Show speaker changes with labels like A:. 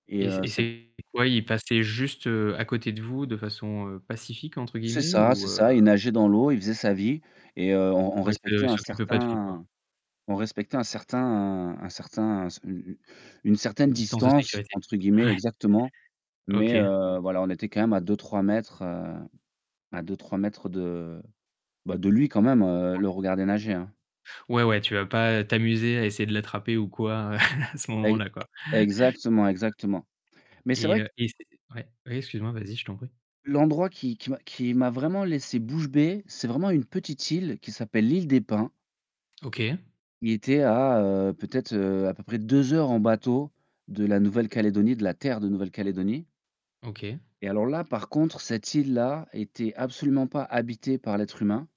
A: Et
B: Et c'est
A: heu,
B: et
A: c'est
B: c'est quoi, il passait juste, heu, à côté de vous de façon «pacifique» entre
A: C'est
B: guillemets
A: ça, c'est
B: ou heu?
A: ça, il nageait dans l'eau, il faisait sa vie et heu, on on
B: Ouais, il se
A: respectait
B: il
A: un
B: s'occupait pas de vous, quoi?
A: certain on respectait un certain un certain c u u «une certaine
B: Distance de
A: distance»
B: sécurité?
A: entre guillemets,
B: Ouais.
A: exactement, mais
B: OK.
A: heu, voilà, on était quand même à 2-3 m, heu, à 2-3 m de bah, de lui quand même, heu, le
B: OK.
A: regarder nager, hein.
B: Ouais, ouais, tu vas pas t'amuser à essayer de l'attraper ou quoi à ce
A: Ex
B: moment-là, quoi.
A: exactement, exactement mais c'est
B: Et
A: vrai q
B: heu et c'est ouais, oui, excuse-moi, vas-y, je t'en prie.
A: L'endroit qui qui m'a qui m'a vraiment laissé bouche bée, c'est vraiment une petite île qui s'appelle l'île des Pins.
B: OK.
A: Il était à, heu, peut-être, heu, à peu près 2 heures en bateau de la Nouvelle-Calédonie, de la terre de Nouvelle-Calédonie
B: OK.
A: et alors là, par contre, cette île-là était absolument pas habitée par l'être humain.